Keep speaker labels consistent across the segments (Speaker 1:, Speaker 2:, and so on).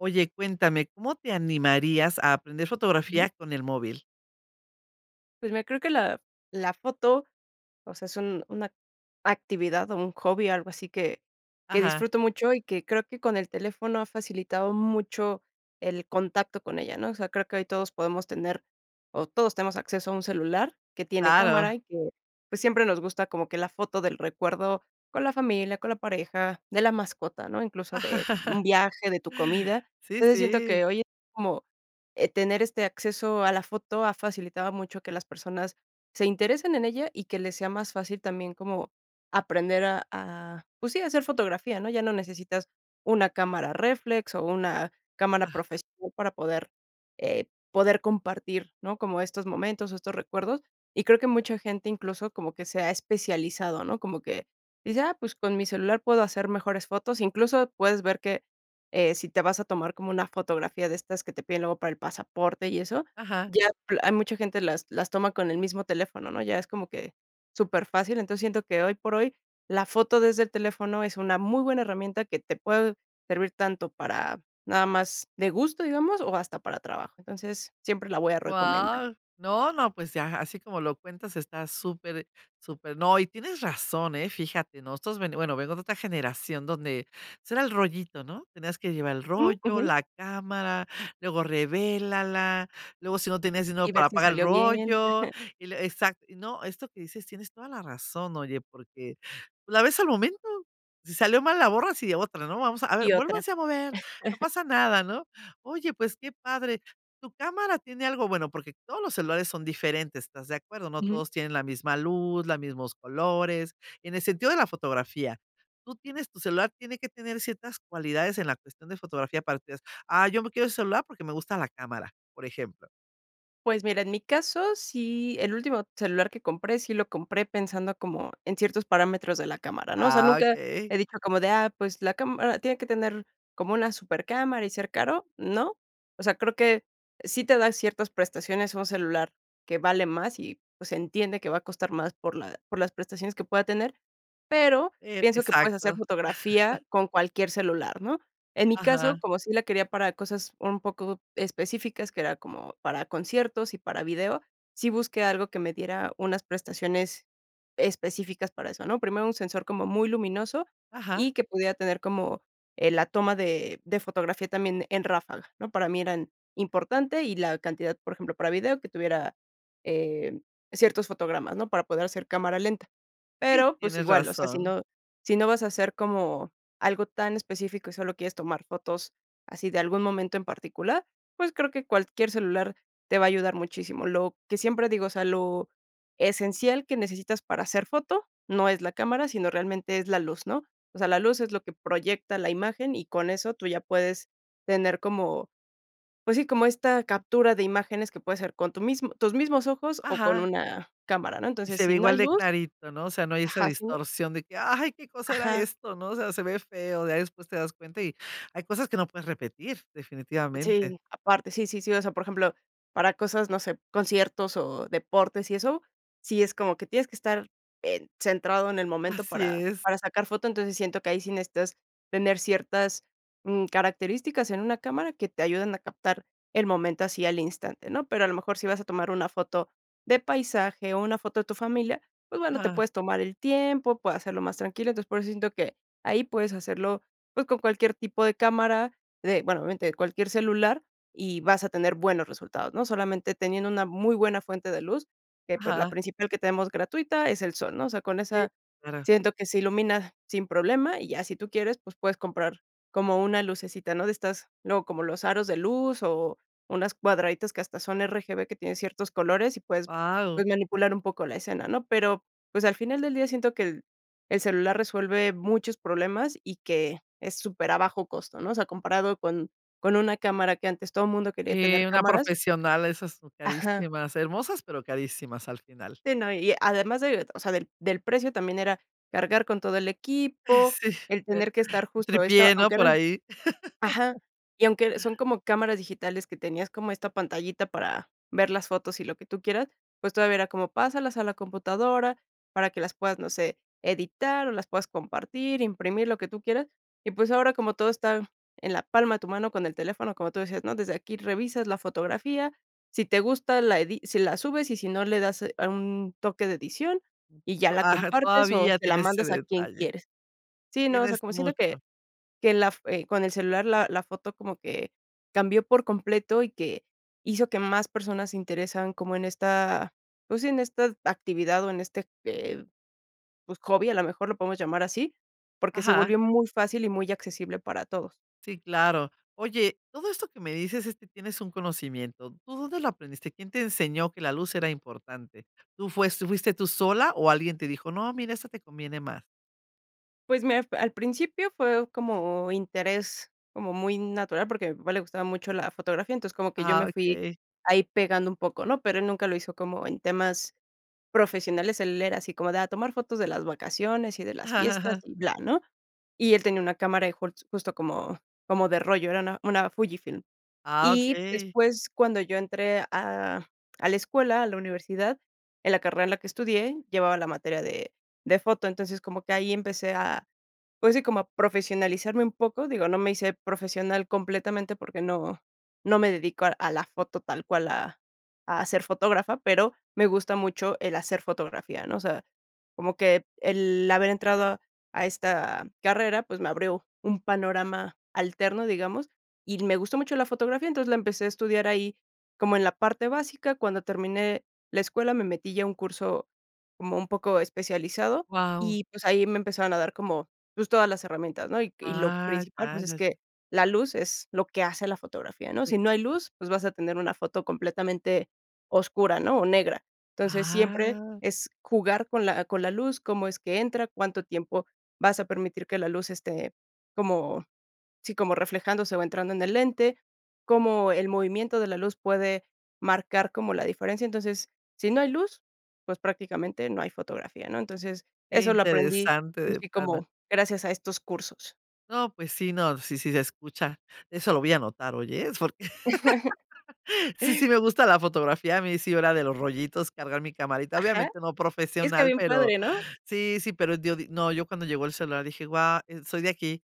Speaker 1: Oye, cuéntame, ¿cómo te animarías a aprender
Speaker 2: Ujú.
Speaker 1: fotografías con el móvil?
Speaker 2: Pues mira, creo que la la foto, o sea, es un una actividad o un hobby, algo así que que
Speaker 1: Ajá.
Speaker 2: disfruto mucho y que creo que con el teléfono ha facilitado mucho el contacto con ella, ¿no? O sea, creo que hoy todos podemos tener o todos tenemos acceso a un celular que tiene
Speaker 1: Claro.
Speaker 2: cámara y que, pues, siempre nos gusta como que la foto del recuerdo con la familia, con la pareja, de la mascota, ¿no? Incluso de un viaje, de tu comida.
Speaker 1: Sí,
Speaker 2: Entonces siento
Speaker 1: sí.
Speaker 2: que hoy es, como, eh, tener este acceso a la foto ha facilitado mucho que las personas se interesen en ella y que les sea más fácil también como aprender a a, pues sí, a hacer fotografía, ¿no? Ya no necesitas una cámara réflex o una cámara
Speaker 1: Ajá.
Speaker 2: profesional para poder, eh, poder compartir, ¿no? Como estos momentos o estos recuerdos. Y creo que mucha gente incluso como que se ha especializado, ¿no? Como que dice: "Ah, pues con mi celular puedo hacer mejores fotos". Incluso puedes ver que, eh, si te vas a tomar como una fotografía de estas que te piden luego para el pasaporte y eso,
Speaker 1: Ajá.
Speaker 2: ya hay mucha gente las las toma con el mismo teléfono, ¿no? Ya es como que superfácil. Entonces, siento que hoy por hoy la foto desde el teléfono es una muy buena herramienta que te puede servir tanto para nada más de gusto, digamos, o hasta para trabajo. Entonces, siempre la voy a recomendar.
Speaker 1: Guau. No, no, pues ya, así como lo cuentas está súper súper. No, y tienes razón, eh, fíjate, nosotros ve bueno, vengo de otra generación donde, pues, era el rollito, ¿no? Tenías que llevar el
Speaker 2: Mm,
Speaker 1: rollo,
Speaker 2: ujú.
Speaker 1: la cámara, luego revélala, luego, si no tienes dinero
Speaker 2: Y ver
Speaker 1: para
Speaker 2: si
Speaker 1: pagar el
Speaker 2: salió bien.
Speaker 1: rollo y lue exacto. No, esto que dices, tienes toda la razón. Oye, porque la ves al momento, si salió mal, la borras y otra no vamos a a ver,
Speaker 2: Y otra.
Speaker 1: vuélvanse a mover, no pasa nada, ¿no? Oye, pues qué padre, tu cámara tiene algo bueno porque todos los celulares son diferentes, ¿estás de acuerdo? No
Speaker 2: Ujú.
Speaker 1: todos tienen la misma luz, la mismos colores, en el sentido de la fotografía. Tú tienes tu celular, tiene que tener ciertas cualidades en la cuestión de fotografía para ustedes. Ah, yo me quiero ese celular porque me gusta la cámara, por ejemplo.
Speaker 2: Pues mira, en mi caso, sí, el último celular que compré sí lo compré pensando como en ciertos parámetros de la cámara, ¿no? O sea,
Speaker 1: Ah,
Speaker 2: nunca
Speaker 1: okey.
Speaker 2: he dicho como de ah, pues, ¿la cámara tiene que tener como una supercámara y ser caro? No. O sea, creo que sí te da ciertas prestaciones un celular que vale más y, pues, se entiende que va a costar más por la por las prestaciones que pueda tener. Pero,
Speaker 1: Eh,
Speaker 2: pienso que puedes hacer
Speaker 1: exacto.
Speaker 2: fotografía con cualquier celular, ¿no? En mi caso,
Speaker 1: Ajá.
Speaker 2: como sí la quería para cosas un poco específicas, que era como para conciertos y para video, sí busqué algo que me diera unas prestaciones específicas para eso, ¿no? Primero, un sensor como muy luminoso
Speaker 1: Ajá.
Speaker 2: y que pudiera tener como, eh, la toma de de fotografía también en ráfaga, ¿no? Para mí eran importante y la cantidad, por ejemplo, para video que tuviera, eh, ciertos fotogramas, ¿no? Para poder hacer cámara lenta.
Speaker 1: Sí,
Speaker 2: Pero, pues
Speaker 1: tienes
Speaker 2: igual, o sea, si
Speaker 1: razón.
Speaker 2: no si no vas a hacer como algo tan específico y solo quieres tomar fotos así de algún momento en particular, pues creo que cualquier celular te va a ayudar muchísimo. Lo que siempre digo es, o sea, lo esencial que necesitas para hacer foto no es la cámara, sino realmente es la luz, ¿no? O sea, la luz es lo que proyecta la imagen y con eso tú ya puedes tener como, pues sí, como esta captura de imágenes que puede ser con tu mismo tus mismos ojos o con
Speaker 1: Ajá.
Speaker 2: una cámara, ¿no?
Speaker 1: Y
Speaker 2: Entonces,
Speaker 1: se ve
Speaker 2: si no
Speaker 1: igual
Speaker 2: hay
Speaker 1: de
Speaker 2: luz
Speaker 1: clarito, ¿no? O sea, no hay esa
Speaker 2: Ajá, si no
Speaker 1: distorsión de que: "Ay, ¿qué cosa era
Speaker 2: Ajá.
Speaker 1: esto", no? O sea, se ve feo, ya después te das cuenta y hay cosas que no puedes repetir, definitivamente.
Speaker 2: Sí, aparte, sí, sí, sí, o sea, por ejemplo, para cosas, no sé, conciertos o deportes y eso, sí es como que tienes que estar, eh, centrado en el momento
Speaker 1: Así
Speaker 2: para
Speaker 1: es.
Speaker 2: para sacar foto. Entonces, siento que ahí sí necesitas tener ciertas, mm, características en una cámara que te ayuden a captar el momento así al instante, ¿no? Pero a lo mejor si vas a tomar una foto de paisaje o una foto de tu familia, pues bueno, te
Speaker 1: Ajá.
Speaker 2: puedes tomar el tiempo, puedes hacerlo más tranquilo. Entonces, por eso siento que ahí puedes hacerlo, pues, con cualquier tipo de cámara de, bueno, obviamente, de cualquier celular y vas a tener buenos resultados, ¿no? Solamente teniendo una muy buena fuente de luz, que, pues, la
Speaker 1: Ajá.
Speaker 2: principal que tenemos gratuita es el sol, ¿no? O sea, con
Speaker 1: Sí,
Speaker 2: esa
Speaker 1: claro.
Speaker 2: siento que se ilumina sin problema y ya si tú quieres, pues puedes comprar como una lucecita, ¿no?, de estas luego como los aros de luz o unas cuadraditas que hasta son RGB que tienen ciertos colores y puedes,
Speaker 1: Guau.
Speaker 2: pues, manipular un poco la escena, ¿no? Pero, pues, al final del día siento que el el celular resuelve muchos problemas y que es super a bajo costo, ¿no? O sea, comparado con con una cámara que antes todo mundo quería tener
Speaker 1: Sí, una
Speaker 2: cámaras
Speaker 1: profesional, esas son
Speaker 2: Ajá.
Speaker 1: carísimas, hermosas, pero carísimas al final.
Speaker 2: Sí, no, y además de, o sea, del del precio, también era cargar con todo el equipo,
Speaker 1: Sí,
Speaker 2: el
Speaker 1: eh,
Speaker 2: tener que estar justo esto,
Speaker 1: tripié, ¿no?
Speaker 2: aunque
Speaker 1: Por
Speaker 2: eran
Speaker 1: ahí.
Speaker 2: ajá, y aunque son como cámaras digitales que tenías como esta pantallita para ver las fotos y lo que tú quieras, pues todavía era como pásalas a la computadora para que las puedas, no sé, editar o las puedas compartir, imprimir, lo que tú quieras. Y, pues ahora, como todo está en la palma de tu mano con el teléfono, como tú decías, ¿no? Desde aquí revisas la fotografía. Si te gusta la edi si la subes y si no le das un toque de edición y ya
Speaker 1: O
Speaker 2: la
Speaker 1: ajá,
Speaker 2: compartes o
Speaker 1: todavía
Speaker 2: se la
Speaker 1: tienes ese
Speaker 2: mandas a quien
Speaker 1: detalle.
Speaker 2: quieres. Sí, no, o sea,
Speaker 1: Tienes
Speaker 2: como siento que
Speaker 1: mucho.
Speaker 2: que la f eh, con el celular, la la foto como que cambió por completo y que hizo que más personas se interesan como en esta, pues, sí en esta actividad o en este, eh, pues, hobby, a lo mejor lo podemos llamar así, porque se
Speaker 1: Ajá.
Speaker 2: volvió muy fácil y muy accesible para todos.
Speaker 1: Sí, claro. Oye, todo esto que me dices es que tienes un conocimiento, ¿tú dónde lo aprendiste?, ¿quién te enseñó que la luz era importante? ¿Tú fue tú fuiste tú sola o alguien te dijo: "No, mira, esto te conviene más?".
Speaker 2: Pues me al principio fue como interés como muy natural, porque a mi papá le gustaba mucho la fotografía, entonces como que yo me
Speaker 1: Ah,
Speaker 2: fui
Speaker 1: okey.
Speaker 2: ahí pegando un poco, ¿no? Pero él nunca lo hizo como en temas profesionales. Él era así como de a tomar fotos de las vacaciones y de las fiestas y bla, ¿no? Y él tenía una cámara, e jol justo como como de rollo, era una una Fujifilm.
Speaker 1: Ah,
Speaker 2: Y
Speaker 1: okey.
Speaker 2: después, cuando yo entré a a la escuela, a la universidad, en la carrera en la que estudié llevaba la materia de de foto. Entonces, como que ahí empecé a, pues sí, como a profesionalizarme un poco, digo, no me hice profesional completamente porque no no me dedico a a la foto tal cual, a a ser fotógrafa, pero me gusta mucho el hacer fotografía, ¿no? O sea, como que el haber entrado a esta carrera, pues me abrió un panorama alterno, digamos, y me gustó mucho la fotografía. Entonces, la empecé a estudiar ahí como en la parte básica. Cuando terminé la escuela, me metí ya a un curso como un poco especializado
Speaker 1: Guau.
Speaker 2: y, pues, ahí me empezaron a dar como, pues, todas las herramientas, ¿no? Y y lo
Speaker 1: Ah,
Speaker 2: principal,
Speaker 1: ya,
Speaker 2: pues, es
Speaker 1: ya,
Speaker 2: que
Speaker 1: ya.
Speaker 2: la luz es lo que hace la fotografía, ¿no?
Speaker 1: Sí.
Speaker 2: Si no hay luz, pues, vas a tener una foto completamente oscura, ¿no? O negra. Entonces, siempre
Speaker 1: Ah.
Speaker 2: es jugar con la con la luz, cómo es que entra, cuánto tiempo vas a permitir que la luz esté como sí, como reflejándose o entrando en el lente, cómo el movimiento de la luz puede marcar como la diferencia. Entonces, si no hay luz, pues prácticamente no hay fotografía, ¿no? Entonces,
Speaker 1: Qué
Speaker 2: eso lo aprendí
Speaker 1: interesante
Speaker 2: pues
Speaker 1: de
Speaker 2: sí,
Speaker 1: plano.
Speaker 2: como gracias a estos cursos.
Speaker 1: No, pues sí, no, sí, sí se escucha, eso lo voy a anotar, oye, ¿eh? Porque, sí, sí me gusta la fotografía, a mí sí era de los rollitos cargar mi camarita,
Speaker 2: Ajá.
Speaker 1: obviamente no
Speaker 2: Está
Speaker 1: profesional,
Speaker 2: bien
Speaker 1: pero
Speaker 2: padre, ¿no?
Speaker 1: sí, sí, pero yo di no yo cuando llegó el celular dije: "Guau, soy de aquí".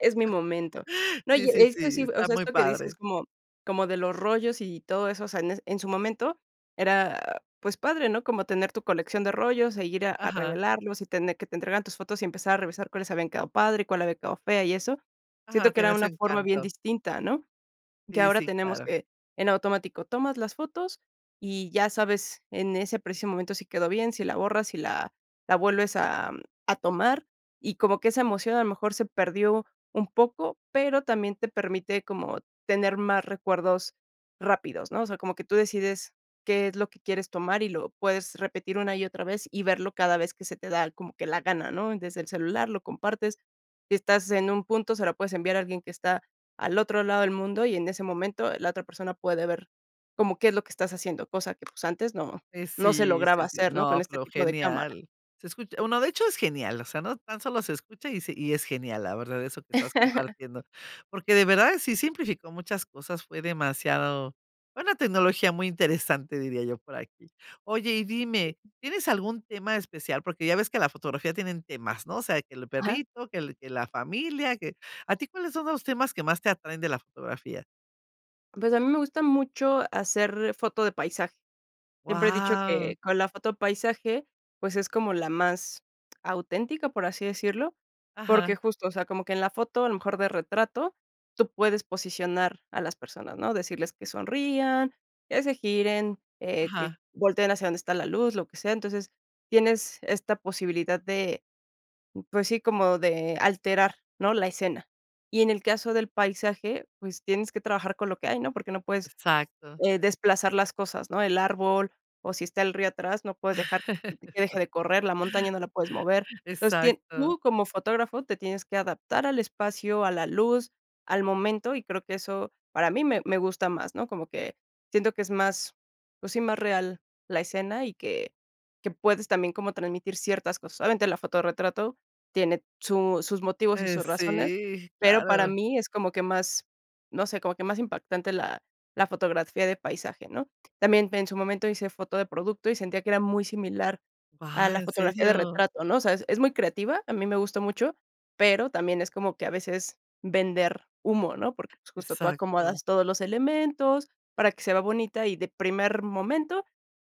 Speaker 2: Es mi momento. No,
Speaker 1: Sí,
Speaker 2: y
Speaker 1: sí,
Speaker 2: es que
Speaker 1: sí,
Speaker 2: sí, o
Speaker 1: está
Speaker 2: sea,
Speaker 1: muy
Speaker 2: esto que dices
Speaker 1: padre.
Speaker 2: como como de los rollos y todo eso, o sea, en en su momento era, pues, padre, ¿no? Como tener tu colección de rollos e ir a a
Speaker 1: Ajá.
Speaker 2: revelarlos y tener que te entregaran tus fotos y empezar a revisar cuáles habían quedado padre y cuál había quedado fea y eso. Siento
Speaker 1: Ajá,
Speaker 2: que era
Speaker 1: tenía su
Speaker 2: una forma bien
Speaker 1: encanto.
Speaker 2: distinta, ¿no? Que
Speaker 1: Sí,
Speaker 2: ahora
Speaker 1: si
Speaker 2: tenemos
Speaker 1: claro.
Speaker 2: que, en automático, tomas las fotos y ya sabes en ese preciso momento si quedó bien, si la borras, si la la vuelves a a tomar. Y como que esa emoción a lo mejor se perdió un poco, pero también te permite como tener más recuerdos rápidos, ¿no? O sea, como que tú decides qué es lo que quieres tomar y lo puedes repetir una y otra vez, y verlo cada vez que se te da como que la gana, ¿no? Desde el celular, lo compartes, si estás en un punto, se la puedes enviar a alguien que está al otro lado del mundo, y en ese momento la otra persona puede ver como qué es lo que estás haciendo, cosa que, pues, antes no
Speaker 1: Pues
Speaker 2: no se
Speaker 1: sí,
Speaker 2: lograba
Speaker 1: sí, sí,
Speaker 2: hacer, ¿no? Con
Speaker 1: no,
Speaker 2: este
Speaker 1: pero
Speaker 2: tipo de cámaras.
Speaker 1: genial, se escucha, bueno, de hecho es genial, o sea, no tan solo se escucha y se y es genial, la verdad, eso que estás compartiendo. Porque de verdad, si simplificó muchas cosas, fue demasiado una tecnología muy interesante, diría yo por aquí. Oye, y dime,
Speaker 2: Sí.
Speaker 1: ¿tienes algún tema especial? Porque ya ves que la fotografía tienen temas, ¿no? O sea, que el
Speaker 2: Ajá.
Speaker 1: perrito, que el que la familia, que a ti, ¿cuáles son los temas que más te atraen de la fotografía?
Speaker 2: Pues a mí me gusta mucho hacer foto de paisaje. Siempre he dicho
Speaker 1: Wao.
Speaker 2: que con la foto paisaje, pues es como la más auténtica, por así decirlo,
Speaker 1: Ajá.
Speaker 2: porque justo, o sea, como que en la foto, a lo mejor de retrato, tú puedes posicionar a las personas, ¿no? Decirles que sonrían, que se giren, eh, que
Speaker 1: Ajá.
Speaker 2: volteen hacia dónde está la luz, lo que sea. Entonces, tienes esta posibilidad de, pues sí, como de alterar, ¿no? La escena. Y en el caso del paisaje, pues tienes que trabajar con lo que hay, ¿no? Porque no puedes,
Speaker 1: Exacto.
Speaker 2: eh, desplazar las cosas, ¿no? El árbol o si está el río atrás, no puedes dejar que
Speaker 1: Eso.
Speaker 2: deje de correr, la montaña no la puedes mover. Entonces, tien
Speaker 1: Exacto.
Speaker 2: tú como fotógrafo te tienes que adaptar al espacio, a la luz, al momento, y creo que eso para mí me me gusta más, ¿no? Como que siento que es más, pues sí, más real la escena y que que puedes también como transmitir ciertas cosas. Obviamente, la foto de retrato tiene su sus motivos y
Speaker 1: Eh,
Speaker 2: sus razones,
Speaker 1: sí,
Speaker 2: pero para
Speaker 1: claro.
Speaker 2: mí es como que más, no sé, como que más impactante la la fotografía de paisaje, ¿no? También en su momento hice foto de producto y sentía que era muy similar a
Speaker 1: Wao,
Speaker 2: la
Speaker 1: ¿en
Speaker 2: fotografía de
Speaker 1: serio?
Speaker 2: retrato, ¿no? O sea, es es muy creativa, a mí me gustó mucho, pero también es como que a veces vender humo, ¿no? Porque pues justo tú
Speaker 1: Exacto.
Speaker 2: acomodas todos los elementos para que se vea bonita y de primer momento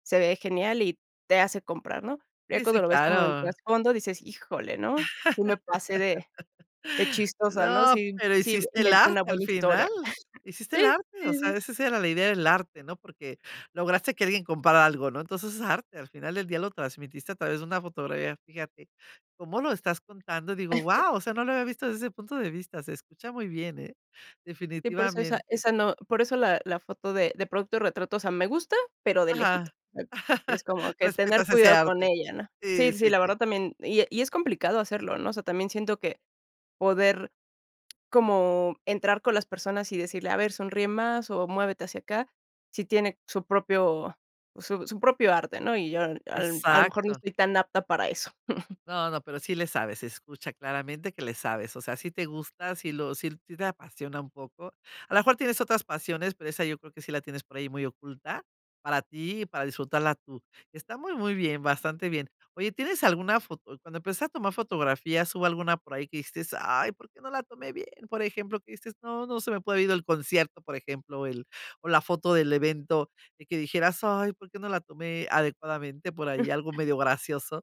Speaker 2: se ve genial y te hace comprar, ¿no? Ya
Speaker 1: Sí, sí,
Speaker 2: cuando lo ves como en
Speaker 1: claro.
Speaker 2: trasfondo dices: "Híjole, ¿no? Sí me pasé de chistosa, ¿no?
Speaker 1: No,
Speaker 2: Sí
Speaker 1: pero
Speaker 2: sí
Speaker 1: hiciste el
Speaker 2: inventé una
Speaker 1: arte al
Speaker 2: buena
Speaker 1: final,
Speaker 2: historia".
Speaker 1: hiciste
Speaker 2: Sí,
Speaker 1: el arte, o
Speaker 2: sí, sí,
Speaker 1: sea,
Speaker 2: sí.
Speaker 1: esa sí era la idea del arte, ¿no? Porque lograste que alguien comprara algo, ¿no? Entonces, es arte, al final del día lo transmitiste a través de una fotografía. Fíjate, cómo lo estás contando. Digo, ¡wao!, o sea, no lo había visto desde ese punto de vista, se escucha muy bien ¿eh?,
Speaker 2: Sí por eso esa
Speaker 1: definitivamente.
Speaker 2: esa no, por eso la la foto de de producto retrato, o sea, me gusta, pero de
Speaker 1: Ajá.
Speaker 2: lejitos. Es como que tener
Speaker 1: Respetas ese
Speaker 2: cuidado con
Speaker 1: arte.
Speaker 2: ella, ¿no? Sí
Speaker 1: Sí,
Speaker 2: sí
Speaker 1: sí,
Speaker 2: la
Speaker 1: sí.
Speaker 2: verdad también, y e y es complicado hacerlo, ¿no? O sea, también siento que poder como entrar con las personas y decirle: "A ver, sonríe más o muévete hacia acá", si tiene su propio su su propio arte, ¿no? Y yo al al, a lo mejor, no
Speaker 1: Exacto.
Speaker 2: estoy tan apta para eso.
Speaker 1: No, no, pero sí le sabes, se escucha claramente que le sabes, o sea, sí te gusta, sí lo sí te apasiona un poco. A la mejor tienes otras pasiones, pero esa yo creo que sí la tienes por ahí muy oculta, para ti y para disfrutarla tú. Está muy muy bien bastante bien. Oye, ¿tienes alguna foto? Cuando empezaste a tomar fotografías hubo alguna por ahí que dijiste: "Ay, ¿por qué no la tomé bien?" Por ejemplo, que dices: "No, no se me puede ir del concierto", por ejemplo, el o la foto del evento, de que dijeras: "Ay, ¿por qué no la tomé adecuadamente por ahí?". Algo
Speaker 2: Mm.
Speaker 1: medio gracioso.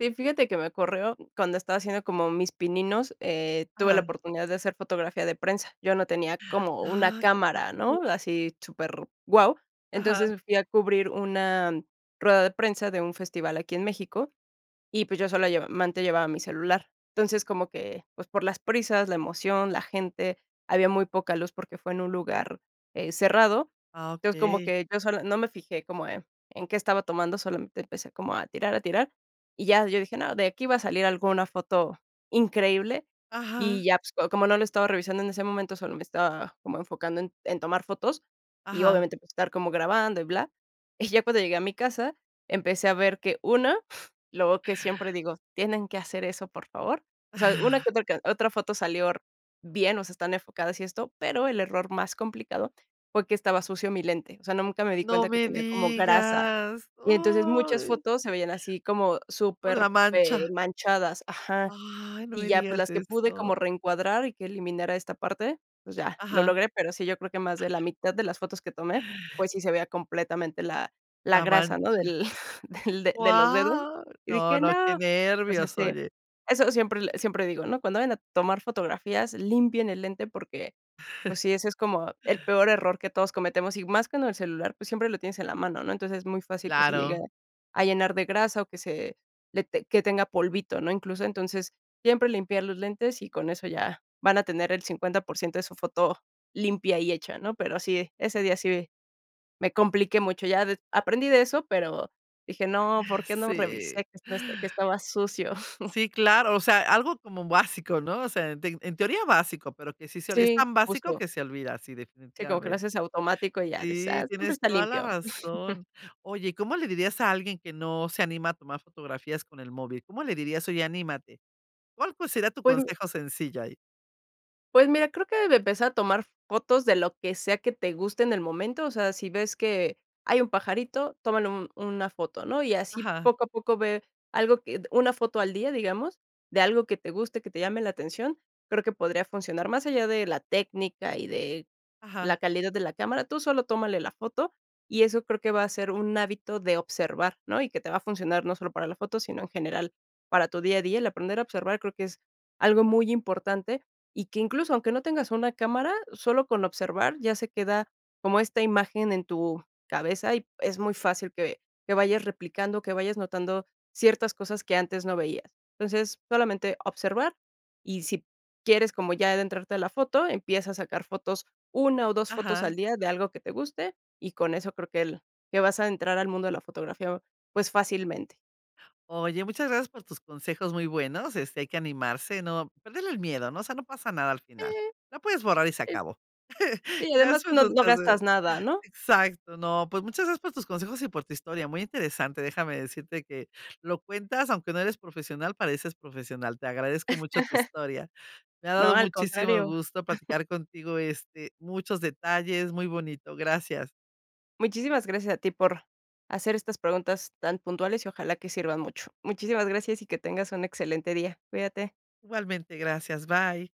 Speaker 2: Sí, fíjate que me ocurrió cuando estaba haciendo como mis pininos, eh, tuve la
Speaker 1: Ajá.
Speaker 2: oportunidad de hacer fotografía de prensa. Yo no tenía como una
Speaker 1: Ah, que
Speaker 2: cámara,
Speaker 1: padre.
Speaker 2: ¿no? Así super guau.
Speaker 1: Ajá.
Speaker 2: Entonces fui a cubrir una rueda de prensa de un festival aquí en México y, pues, yo sólo lleva mente llevaba mi celular. Entonces, como que, pues, por las prisas, la emoción, la gente, había muy poca luz porque fue en un lugar, eh, cerrado.
Speaker 1: Ah,
Speaker 2: Entonces, como
Speaker 1: okey.
Speaker 2: que yo sola no me fijé como, eh, en qué estaba tomando, solamente empecé como a tirar, a tirar, y ya yo dije: "No, de aquí va a salir alguna foto increíble",
Speaker 1: Ajá.
Speaker 2: y ya, pues, como no lo estado revisando en ese momento, solo me estaba como enfocando en en tomar fotos, y
Speaker 1: Ajá.
Speaker 2: obviamente, pues estar como grabando y bla. Y ya cuando llegué a mi casa, empecé a ver que una, luego que siempre digo: "Tienen que hacer eso, por favor". O sea, una que otra que otra foto salió r bien, o sea, están enfocadas y esto, pero el error más complicado fue que estaba sucio mi lente. O sea, nunca me di
Speaker 1: No
Speaker 2: cuenta que
Speaker 1: me
Speaker 2: tenía como grasa.
Speaker 1: digas,
Speaker 2: Y entonces muchas
Speaker 1: uy.
Speaker 2: fotos se veían así como
Speaker 1: Por
Speaker 2: súper,
Speaker 1: la
Speaker 2: eh,
Speaker 1: mancha.
Speaker 2: manchadas. Ajá.
Speaker 1: Ay, no
Speaker 2: Y
Speaker 1: me
Speaker 2: ya, pues
Speaker 1: digas
Speaker 2: las que pude
Speaker 1: eso.
Speaker 2: como reencuadrar y que eliminara esta parte, pues, ya lo
Speaker 1: Ajá.
Speaker 2: logré, pero sí, yo creo que más de la mitad de las fotos que tomé, pues, sí se veía completamente la la
Speaker 1: La
Speaker 2: grasa, ¿no?
Speaker 1: mancha.
Speaker 2: Del del de los dedos.
Speaker 1: Guau.
Speaker 2: Y
Speaker 1: No,
Speaker 2: dije:
Speaker 1: no, qué
Speaker 2: "No." Pues, es
Speaker 1: nervios,
Speaker 2: que
Speaker 1: oye.
Speaker 2: eso siempre l siempre digo, ¿no? Cuando vayan a tomar fotografías, limpien el lente, porque, pues sí, ese es como el peor error que todos cometemos. Y más con el celular, pues siempre lo tienes en la mano, ¿no? Entonces, es muy fácil que se llegue
Speaker 1: Claro.
Speaker 2: a llenar de grasa o que se le ten que tenga polvito, ¿no? Incluso, entonces, siempre limpiar los lentes y con eso ya, van a tener el 50% de su foto limpia y hecha, ¿no? Pero sí, ese día sí, me compliqué mucho. Ya des aprendí de eso, pero dije: "No.
Speaker 1: Ah,
Speaker 2: ¿Por qué no revisé
Speaker 1: sí.
Speaker 2: que este esto que estaba sucio?".
Speaker 1: Sí, claro. O sea, algo como básico, ¿no? O sea, en te en teoría básico, pero que sí se es
Speaker 2: Sí,
Speaker 1: tan básico
Speaker 2: justo.
Speaker 1: que se olvida, sí
Speaker 2: Sí, como que lo
Speaker 1: definitivamente.
Speaker 2: haces automático y ya, dices:
Speaker 1: Sí,
Speaker 2: "Ah, siempre
Speaker 1: tienes
Speaker 2: está
Speaker 1: toda la
Speaker 2: limpio".
Speaker 1: razón. Oye, ¿cómo le dirías a alguien que no se anima a tomar fotografías con el móvil? ¿Cómo le dirías?: "Oye anímate". ¿Cuál pues sería tu
Speaker 2: Pues mi
Speaker 1: consejo sencillo ahí?
Speaker 2: Pues mira, creo que de empezar a tomar fotos de lo que sea que te guste en el momento, o sea, si ves que hay un pajarito, tómale un una foto, ¿no? Y así
Speaker 1: Ajá.
Speaker 2: poco a poco ve algo que d una foto al día, digamos, de algo que te guste, que te llame la atención, creo que podría funcionar más allá de la técnica y de la
Speaker 1: Ajá.
Speaker 2: calidad de la cámara, tú solo tómale la foto, y eso creo que va a ser un hábito de observar, ¿no? Y que te va a funcionar no solo para la foto, sino en general para tu día a día. El aprender a observar creo que es algo muy importante y que incluso aunque no tengas una cámara sólo con observar, ya se queda como esta imagen en tu cabeza y es muy fácil que que vayas replicando, que vayas notando ciertas cosas que antes no veías. Entonces, solamente observar y sí quieres como ya adentrarte a la foto, empieza a sacar fotos una o dos fotos al
Speaker 1: Ajá.
Speaker 2: día de algo que te guste y con eso creo que el que vas a entrar al mundo de la fotografía, pues fácilmente.
Speaker 1: Oye, muchas gracias por tus consejos, muy buenos, este, hay que animarse, no perderle el miedo, ¿no? O sea, no pasa nada al final,
Speaker 2: Mm.
Speaker 1: la puedes borrar y se
Speaker 2: El.
Speaker 1: acabó.
Speaker 2: Sí, además
Speaker 1: Gracias por
Speaker 2: no
Speaker 1: tus
Speaker 2: no
Speaker 1: consejos.
Speaker 2: gastas nada, ¿no?
Speaker 1: Exacto, no, pues muchas gracias por tus consejos y por tu historia, muy interesante, déjame decirte que, lo cuentas, aunque no eres profesional, pareces profesional. Te agradezco mucho tu historia. Me ha
Speaker 2: No,
Speaker 1: dado
Speaker 2: al
Speaker 1: muchísimo
Speaker 2: contrario.
Speaker 1: gusto platicar contigo este, muchos detalles. Muy bonito, gracias.
Speaker 2: Muchísimas gracias a ti, por hacer estas preguntas tan puntuales y ojalá que sirvan mucho. Muchísimas gracias y que tengas un excelente día. Cuídate.
Speaker 1: Igualmente, gracias, bye.